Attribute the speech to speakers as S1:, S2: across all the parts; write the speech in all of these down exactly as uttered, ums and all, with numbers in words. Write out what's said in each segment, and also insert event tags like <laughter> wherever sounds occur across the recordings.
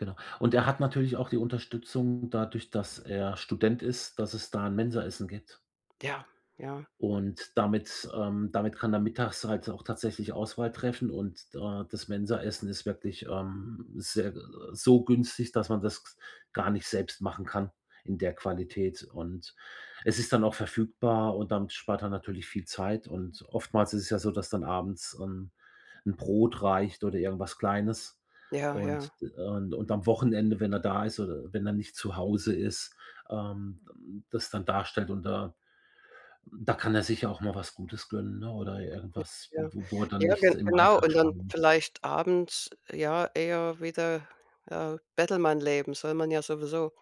S1: Genau. Und er hat natürlich auch die Unterstützung, dadurch, dass er Student ist, dass es da 'n Mensa-Essen gibt.
S2: Ja, ja.
S1: Und damit ähm, damit kann er mittags halt auch tatsächlich Auswahl treffen. Und, da das Mensaessen ist wirklich, ähm, sehr äh, so günstig, dass man das gs gar nicht selbst machen kann in der Qualität. Und es ist dann auch verfügbar und damit spart er natürlich viel Zeit. Und oftmals ist es ja so, dass dann abends, ähm, 'n Brot reicht oder irgendwas Kleines.
S2: Ja, ja.
S1: Und und und am Wochenende, wenn er da ist oder wenn er nicht zu Hause ist, ähm, hm, das dann darstellt und da da kann er sich ja auch mal was Gutes gönnen, ne? Oder
S2: Mit
S1: irgendwas, w
S2: ja.
S1: wo wo er dann
S2: Ja,
S1: nichts
S2: gen
S1: im
S2: genau.
S1: Alltag
S2: Und dann
S1: sparen muss.
S2: vielleicht abends, ja, eher wieder, ja, Bettelmann leben. Soll man ja sowieso.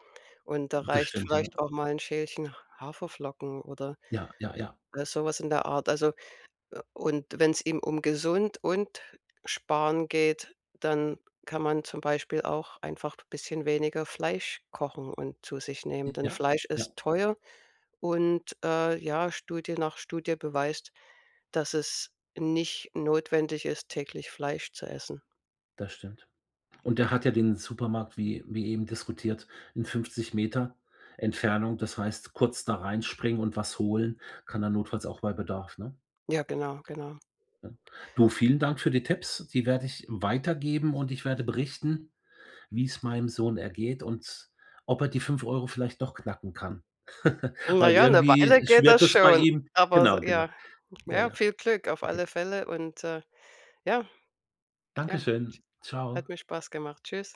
S2: Und da
S1: Das
S2: reicht
S1: stimmt, ja.
S2: vielleicht auch mal 'n Schälchen Haferflocken oder
S1: Ja, ja, ja.
S2: oder so was in der Art. Also, äh, und wenn's ihm um gesund und sparen geht, dann kann man zum Beispiel auch einfach bisschen weniger Fleisch kochen und zu sich nehmen.
S1: Äh,
S2: Denn
S1: ja,
S2: Fleisch
S1: ja.
S2: ist teuer und, äh, ja, Studie nach Studie beweist, dass es nicht notwendig ist, täglich Fleisch zu essen.
S1: Das stimmt. Und er hat ja den Supermarkt wie wie eben diskutiert, in fünfzig Meter Entfernung. Das heißt, kurz da reinspringen und was holen kann er notfalls auch bei Bedarf, ne?
S2: Ja, genau, genau.
S1: Ne? Du, vielen Dank für die Tipps. Die werde ich weitergeben und ich werde berichten, wie es meinem Sohn ergeht und ob er die fünf Euro vielleicht doch knacken kann. <chuckles>
S2: Na
S1: Weil
S2: ja, 'ne Weile
S1: irgendwie,
S2: geht das
S1: schwirrt das bei
S2: schon,
S1: ihm
S2: aber so
S1: Genau, genau.
S2: ja.
S1: Ja,
S2: Ja,
S1: ja.
S2: viel Glück auf
S1: Okay.
S2: alle Fälle und, äh, ja Ja,
S1: Danke
S2: t h
S1: schön. Tschau.
S2: hat mir Spaß gemacht. Tschüss.